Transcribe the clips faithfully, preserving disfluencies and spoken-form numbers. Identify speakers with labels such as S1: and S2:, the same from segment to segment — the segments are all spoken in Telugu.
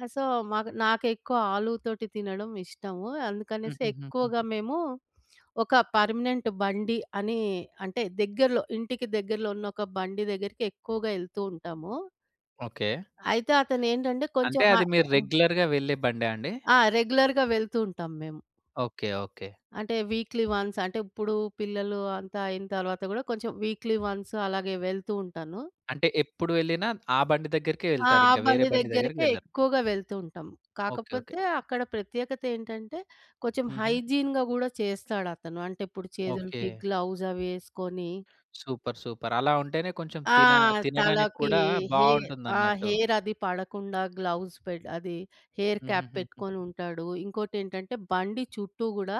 S1: ఆ! సో, మాకు నాకెక్కువ ఆలు తోటి తినడము ఇష్టము. అందుకనేసి
S2: హుహు. హుహు.
S1: ఎక్కువగా మేము ఒక పర్మనెంట్ బండి అని, అంటే దగ్గరలో ఇంటికి దగ్గరలో ఉన్నొక బండి దగ్గరికి ఎక్కువగా ఎళ్తూ ఉంటాము.
S2: ఓకే.
S1: అయితే అతనేంటంటే కొంచెం
S2: అంటే
S1: హా
S2: అది మీరు
S1: హ్మ్.
S2: రెగ్యులర్‌గా వెళ్ళే బండా అండి?
S1: ఆ! రెగ్యులర్‌గా వెళ్తూ ఉంటాం మేం.
S2: ఓకే. ఓకే.
S1: అంటే, వీక్‌లీ వన్స్ అంటే ఇప్పుడు పిల్లలు అంతా అయిన తరువాత గూడా కొంచెం వీక్‌లీ వన్స్ అలాగే వెళ్తూ ఉంటాను.
S2: అంటే ఎప్పుడు వెళ్ళినా ఆ బండి దగ్గరికే
S1: ఆ!
S2: ఎళ్తారు
S1: ఆ
S2: ఇంకా. వేరే
S1: బండి
S2: బండి దగ్గరికి
S1: దగ్గరికే
S2: వెళ్ళరు.
S1: ఎక్కువగా వెళ్తూ ఉంటాం.
S2: ఓకే. ఓకే.
S1: కాకపోతే అక్కడ ప్రత్యేకతేంటంటే, కొంచెం
S2: హుహు.
S1: హైజీన్‌గా గూడా చేస్తాడతను. అంటే ఇప్పుడు చేతులకి
S2: ఓకే.
S1: గ్లౌస్ అవేసుకొని
S2: సూపర్. సూపర్. అలా ఉంటేనే కొంచెం
S1: ఆ!
S2: తిన తినడానికి
S1: తలకి
S2: కూడా
S1: హె ఆ!
S2: బావుంటుందన్నట్టు.
S1: హెయిర్ అది పడకుండా గ్లౌస్ పె అది హెయిర్ క్యాప్
S2: హుహుహుహు.
S1: పెట్టుకొనుంటాడు. ఇంకోటేంటంటే, బండి చుట్టూ గూడా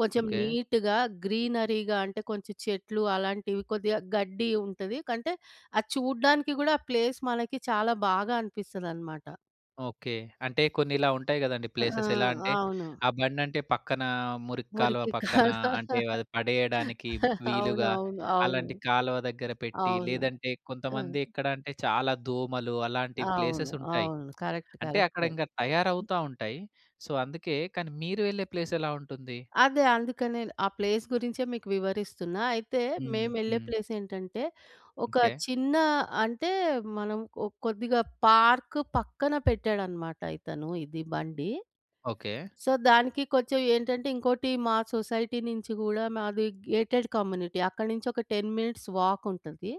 S1: కొంచెం
S2: ఓకే.
S1: నీటుగా గ్రీనరీగా అంటే కొంచెం చెట్లు అలాంటివి కొద్దిగా గడ్డి ఉంటది కంటే, అది చూడ్డానికి గూడా ఆ ప్లేస్ మనకి చాలా బాగా అనిపిస్తదనమాట.
S2: ఓకే. అంటే కొన్నిలా ఉంటాయి గదండీ.
S1: ఆ!
S2: ప్లేసెస్ ఎలా
S1: ఆ!
S2: అంటే,
S1: అవును.
S2: ఆ బండంటే పక్కనా మురికి కాలువ
S1: మురికి
S2: పక్కన
S1: కాలువ
S2: అంటే, అది పడేయడానికి వీలుగా
S1: అవునవును. అవును.
S2: అలాంటి కాలువ దగ్గర పెట్టి,
S1: అవును.
S2: లేదంటే
S1: హ్మ్.
S2: కొంతమంది ఎక్కడంటే చాలా దోమలు అలాంటి
S1: అవును.
S2: ప్లేసెసుంటాయి.
S1: అవును. కరెక్ట్
S2: అంటే
S1: కరెక్ట్.
S2: అక్కడింగ తయారవుతా ఉంటాయి. సో, అందుకే కానీ మీరు వెళ్ళే ప్లేస్ ఎలా ఉంటుంది?
S1: అదే. అందుకే నేను, ఆ ప్లేస్ గురించే మీకు వివరిస్తున్నా. అయితే
S2: హుహు.
S1: మేమెళ్ళే
S2: హ్మ్.
S1: ప్లేసేంటంటే, ఒక
S2: ఓకే.
S1: చిన్న అంటే మనం ఓ కొద్దిగా పార్క్ పక్కన పెట్టాడనమాట. ఇతను ఇది బండి.
S2: ఓకే.
S1: సో, దానికి కొంచెం ఏంటంటే, ఇంకోటి మా సొసైటీ నించి గూడా మాది గేటెడ్ కమ్యూనిటీ. అక్కడి నుంచొక టెన్ మినిట్స్ వాకుంటది.